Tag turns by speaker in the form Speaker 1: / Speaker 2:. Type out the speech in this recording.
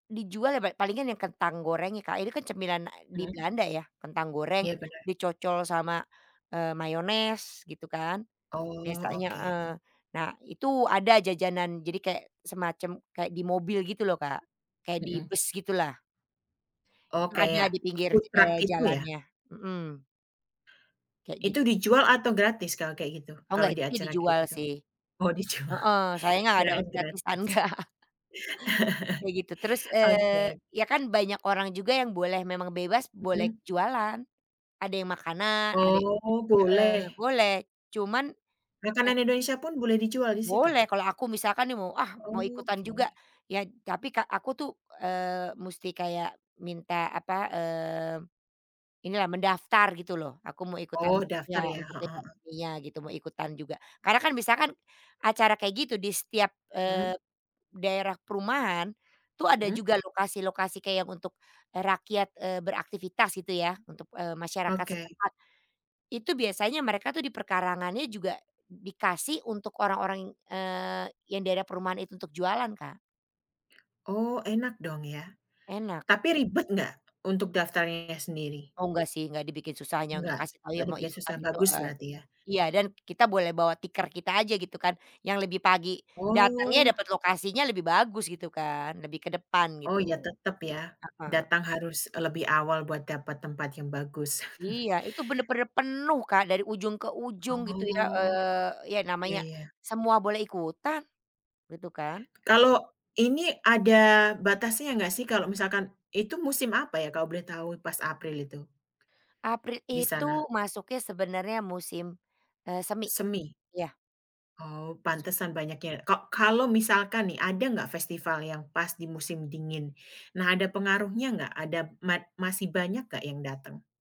Speaker 1: Dijual ya pe palingan yang kentang gorengnya Kak, ini kan cemilan, e di
Speaker 2: Mhm.
Speaker 1: Belanda ya, kentang goreng,
Speaker 2: Iya, bener.
Speaker 1: dicocol sama, e mayones gitu kan
Speaker 2: Oh,
Speaker 1: biasanya
Speaker 2: oke.
Speaker 1: heeh. Nah, itu ada jajanan, jadi kayak semacam, kayak di mobil gitu loh Kak, kayak di
Speaker 2: Mhm.
Speaker 1: bus gitulah.
Speaker 2: Oh
Speaker 1: Itu ada
Speaker 2: kayak
Speaker 1: di pinggir,
Speaker 2: food
Speaker 1: e
Speaker 2: truck gitu ya?
Speaker 1: jalannya, mhm. Kayak gi
Speaker 2: Itu dijual atau gratis kalau kayak gitu?
Speaker 1: Oh
Speaker 2: Kalau
Speaker 1: enggak,
Speaker 2: di
Speaker 1: itu
Speaker 2: acara kayak
Speaker 1: dijual
Speaker 2: gitu?
Speaker 1: sih.
Speaker 2: Oh, dijual,
Speaker 1: Heeh, sayangnya nggak dapet
Speaker 2: kirain
Speaker 1: gratisan,
Speaker 2: gratis.
Speaker 1: enggak. Kayak gitu terus,
Speaker 2: Oke oke.
Speaker 1: eee, ya kan banyak orang juga yang boleh, memang bebas, boleh
Speaker 2: Mhm.
Speaker 1: jualan. Ada yang makanan, ade
Speaker 2: Oh, boleh.
Speaker 1: heeh, boleh cuman, e
Speaker 2: Makanan Indonesia pun, boleh dijual di situ?
Speaker 1: Boleh, kalau aku misalkan nih mau, ah mau ikutan juga,
Speaker 2: Oke.
Speaker 1: ya tapi Kak aku tuh, eee, musti kayak minta, apa, eee, inilah, mendaftar gitu loh, aku mau ikutan,
Speaker 2: Oh,
Speaker 1: e
Speaker 2: daftar
Speaker 1: iya,
Speaker 2: ya,
Speaker 1: untuk
Speaker 2: heeh heeh.
Speaker 1: dekorasinya gitu, mau ikutan juga. Karena kan, misalkan, acara kayak gitu di setiap,
Speaker 2: Hmm.
Speaker 1: eee, daerah perumahan, tuh ada
Speaker 2: Mhm.
Speaker 1: juga lokasi-lokasi kayak yang untuk, e rakyat, eee beraktivitas gitu ya, untuk, eee, masyarakat
Speaker 2: Oke.
Speaker 1: setempat. Itu biasanya mereka tuh di perkarangannya juga dikasih untuk orang-orang yang, eee, yang daerah perumahan itu untuk jualan, Kak.
Speaker 2: Oh, enak dong ya,
Speaker 1: Enak.
Speaker 2: tapi ribet nggak, untuk daftarnya sendiri?
Speaker 1: Oh, enggak sih, nggak dibikin susahnya untuk
Speaker 2: Eggak,
Speaker 1: kasih tahu ya,
Speaker 2: nggak
Speaker 1: mau
Speaker 2: dibikin susah,
Speaker 1: ikutan itu,
Speaker 2: bagus
Speaker 1: heeh.
Speaker 2: berarti ya?
Speaker 1: Iya, dan kita boleh bawa tikar kita aja gitu kan, yang lebih pagi. Datangnya,
Speaker 2: Oh.
Speaker 1: dapat lokasinya lebih bagus gitu kan, lebih ke depan
Speaker 2: Oh
Speaker 1: gitu,
Speaker 2: iya tetep ya,
Speaker 1: heeh.
Speaker 2: datang harus, e lebih awal buat dapat tempat yang bagus.
Speaker 1: Iya, itu bener-bener penuh Kak, dari ujung ke ujung gitu ya,
Speaker 2: Oh,
Speaker 1: eee, ya
Speaker 2: iya,
Speaker 1: namanya
Speaker 2: ya.
Speaker 1: semua boleh ikutan, gitu kan.
Speaker 2: Kalau ini ada batasnya nggak sih? Kalau misalkan itu musim apa ya kalau boleh tahu pas April itu?
Speaker 1: April
Speaker 2: Di
Speaker 1: itu,
Speaker 2: sana.
Speaker 1: masuknya sebenarnya musim, eee, semi,
Speaker 2: Semi?
Speaker 1: iya.
Speaker 2: Oh,
Speaker 1: Musim
Speaker 2: pantesan
Speaker 1: semi.
Speaker 2: banyak ya, ko kalau misalkan nih, ada nggak festival yang pas di musim dingin? Nah ada pengaruhnya nggak? Ada mat masih banyak enggak yang datang?